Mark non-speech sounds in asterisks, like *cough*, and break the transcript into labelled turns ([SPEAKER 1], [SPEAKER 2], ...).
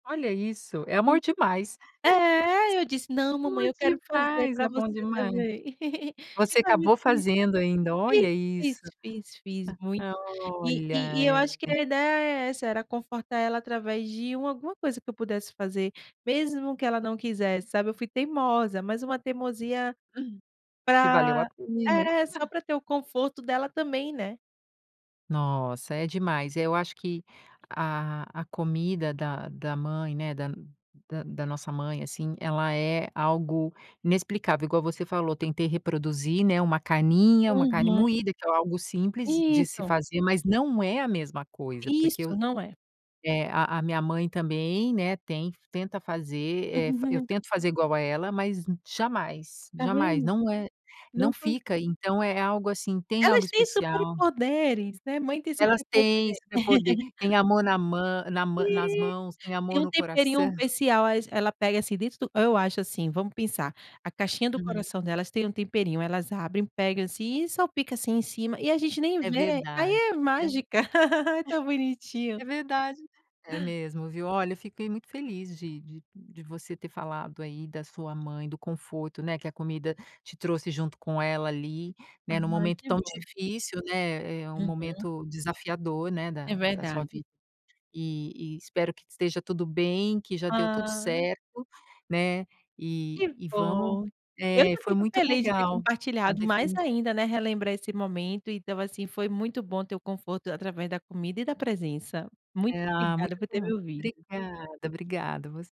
[SPEAKER 1] Olha isso. É amor
[SPEAKER 2] En
[SPEAKER 1] demais.
[SPEAKER 2] é, eu disse: "Não, mamãe,
[SPEAKER 1] *chuckles*
[SPEAKER 2] eu
[SPEAKER 1] S Bom
[SPEAKER 2] quero fazer
[SPEAKER 1] demais, é
[SPEAKER 2] para
[SPEAKER 1] bom
[SPEAKER 2] você
[SPEAKER 1] demais.
[SPEAKER 2] também". *giggles* E
[SPEAKER 1] Você
[SPEAKER 2] para mim
[SPEAKER 1] acabou
[SPEAKER 2] *unintelligible*
[SPEAKER 1] fazendo ainda.
[SPEAKER 2] fiz,
[SPEAKER 1] Olha
[SPEAKER 2] fiz,
[SPEAKER 1] isso.
[SPEAKER 2] fiz, fiz muito.
[SPEAKER 1] Ah,
[SPEAKER 2] E
[SPEAKER 1] olha,
[SPEAKER 2] e e eu acho que
[SPEAKER 1] é.
[SPEAKER 2] a ideia é essa, era confortar ela através de uma alguma coisa que eu pudesse fazer. Mesmo que ela não quisesse, sabe. Eu fui teimosa, mas uma teimosia,
[SPEAKER 1] *chuckles* Que valeu a
[SPEAKER 2] para
[SPEAKER 1] pena.
[SPEAKER 2] é, só
[SPEAKER 1] *chuckles*
[SPEAKER 2] para ter o conforto dela também, né.
[SPEAKER 1] Nossa, é demais. Eu acho que a a comida da da mãe, né, da da da nossa mãe, assim, ela é algo inexplicável. Igual você falou: "Tentei reproduzir, né, uma carninha, uma carne
[SPEAKER 2] Uhum.
[SPEAKER 1] moída, que é algo simples de se
[SPEAKER 2] Isso.
[SPEAKER 1] fazer, mas não é a mesma coisa porque eu"
[SPEAKER 2] Isso! Não é.
[SPEAKER 1] eh, a a minha mãe também, né, ten tenta fazer, eh, eu
[SPEAKER 2] *chuckles*
[SPEAKER 1] tento fazer igual a ela, mas jamais,
[SPEAKER 2] Tá
[SPEAKER 1] jamais.
[SPEAKER 2] vendo.
[SPEAKER 1] Não é não
[SPEAKER 2] Não con
[SPEAKER 1] fica, então é algo, assim, tem algo
[SPEAKER 2] Elas têm
[SPEAKER 1] especial.
[SPEAKER 2] superpoderes, né. Mãe tem
[SPEAKER 1] Elas têm
[SPEAKER 2] superpoder.
[SPEAKER 1] superpoder,
[SPEAKER 2] *chuckles*
[SPEAKER 1] têm amor na mã na mã nas mãos, têm
[SPEAKER 2] Tem
[SPEAKER 1] amor
[SPEAKER 2] um
[SPEAKER 1] no
[SPEAKER 2] temperinho
[SPEAKER 1] coração.
[SPEAKER 2] especial, elas pega assim, dentro do eu acho assim, vamos pensar, a caixinha do
[SPEAKER 1] Uhum.
[SPEAKER 2] coração delas tem um temperinho. Elas abrem, pegam assim, e salpica assim em cima, e a gente nem
[SPEAKER 1] É
[SPEAKER 2] vê. Aí
[SPEAKER 1] verdade.
[SPEAKER 2] é mágica. *laughs* É tão bonitinho.
[SPEAKER 1] É verdade. É mesmo, viu. Olha, eu fiquei muito feliz de de de você ter falado aí da sua mãe, do conforto, né, que a comida te trouxe junto com ela ali, né, em um
[SPEAKER 2] Ai,
[SPEAKER 1] momento
[SPEAKER 2] que
[SPEAKER 1] tão
[SPEAKER 2] bom.
[SPEAKER 1] difícil, né, eh, um
[SPEAKER 2] Uhum.
[SPEAKER 1] momento desafiador, né,
[SPEAKER 2] É
[SPEAKER 1] da da sua
[SPEAKER 2] verdade.
[SPEAKER 1] vida. E e espero que esteja tudo bem, que já deu tudo
[SPEAKER 2] Ah.
[SPEAKER 1] certo, né. E
[SPEAKER 2] Que
[SPEAKER 1] e vamos
[SPEAKER 2] bom. Eu
[SPEAKER 1] eh,
[SPEAKER 2] que
[SPEAKER 1] foi
[SPEAKER 2] fico
[SPEAKER 1] muito
[SPEAKER 2] feliz de ter
[SPEAKER 1] legal. A
[SPEAKER 2] compartilhado. Mais
[SPEAKER 1] definiçã
[SPEAKER 2] ainda, né, relembrar esse momento. Então assim, foi muito bom ter o conforto da através da comida e da presença. Muito
[SPEAKER 1] Ah, muito
[SPEAKER 2] obrigada por ter
[SPEAKER 1] bom.
[SPEAKER 2] me ouvido.
[SPEAKER 1] Obrigada, obrigada. Você